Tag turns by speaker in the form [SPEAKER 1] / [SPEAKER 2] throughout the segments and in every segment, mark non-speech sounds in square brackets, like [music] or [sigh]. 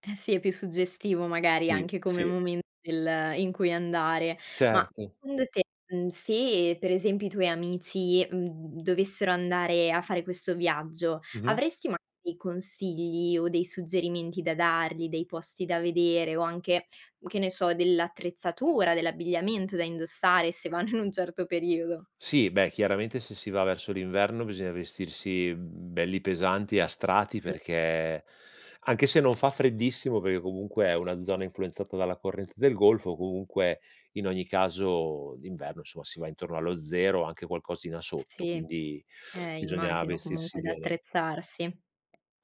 [SPEAKER 1] Eh sì, è più suggestivo magari
[SPEAKER 2] Sì,
[SPEAKER 1] anche come
[SPEAKER 2] sì.
[SPEAKER 1] momento del in cui andare. Ma
[SPEAKER 2] Certo.
[SPEAKER 1] secondo te, mhmm, se per esempio i tuoi amici, mhmm, d dovessero andare a fare questo viaggio,
[SPEAKER 2] Mh-mh.
[SPEAKER 1] avresti magari consigli o dei suggerimenti da dargli, dei posti da vedere o anche, che ne so, dell'attrezzatura, dell'abbigliamento da indossare se vanno in un certo periodo.
[SPEAKER 2] Sì, beh chiaramente se si va verso l'inverno bisogna vestirsi, mhmm, belli pesanti e a strati
[SPEAKER 1] Mh.
[SPEAKER 2] perché, anche se non fa freddissimo perché comunque è una zona influenzata dalla corrente del Golfo, comunque in ogni caso d'inverno, insomma, si va intorno allo 0 o anche qualcosina
[SPEAKER 1] S
[SPEAKER 2] sotto,
[SPEAKER 1] sì,
[SPEAKER 2] quindi [sniffs]
[SPEAKER 1] eh,
[SPEAKER 2] bisogna
[SPEAKER 1] immagino
[SPEAKER 2] vestirsi
[SPEAKER 1] comunque
[SPEAKER 2] bene.
[SPEAKER 1] d'attrezzarsi.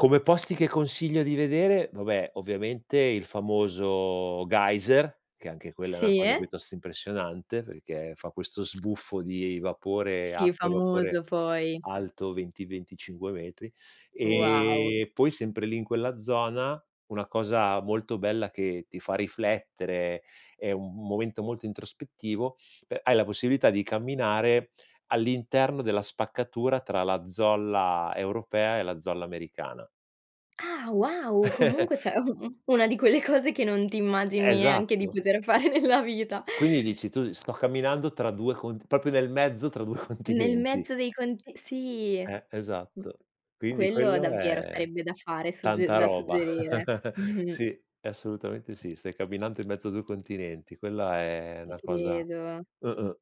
[SPEAKER 2] Come posti che consiglio di vedere, vabbè, ovviamente il famoso Geyser, che anche quella è una cosa
[SPEAKER 1] Sì?
[SPEAKER 2] piuttosto impressionante, perché fa questo sbuffo di vapore
[SPEAKER 1] Sì,
[SPEAKER 2] acqua e
[SPEAKER 1] famoso
[SPEAKER 2] vapore
[SPEAKER 1] poi.
[SPEAKER 2] alto 20-25 metri.
[SPEAKER 1] Wow.
[SPEAKER 2] Ehm, poi sempre lì in quella zona, una cosa molto bella che ti fa riflettere, è un m momento molto introspettivo, pe hai la possibilità di camminare all'interno della spaccatura tra la zolla europea e la zolla americana.
[SPEAKER 1] Ah, wow! Comunque
[SPEAKER 2] [chuckles]
[SPEAKER 1] cioè u u una di quelle cose che non ti immagini neanche di
[SPEAKER 2] Esatto.
[SPEAKER 1] poter fare nella vita.
[SPEAKER 2] Quindi, dici tu, sto camminando tra 2 cont proprio nel mezzo tra 2
[SPEAKER 1] Nel
[SPEAKER 2] continenti.
[SPEAKER 1] mezzo dei conti sì.
[SPEAKER 2] Eh,
[SPEAKER 1] M
[SPEAKER 2] esatto. Quindi
[SPEAKER 1] quello
[SPEAKER 2] quello
[SPEAKER 1] davvero
[SPEAKER 2] è
[SPEAKER 1] sarebbe da fare, sugge
[SPEAKER 2] tanta
[SPEAKER 1] da
[SPEAKER 2] roba.
[SPEAKER 1] suggerire,
[SPEAKER 2] [laughs]
[SPEAKER 1] mh-mh.
[SPEAKER 2] Sì, assolutamente sì, stai camminando in mezzo a 2 continenti. Quella è
[SPEAKER 1] Ti
[SPEAKER 2] una cosa
[SPEAKER 1] credo.
[SPEAKER 2] mh-mh.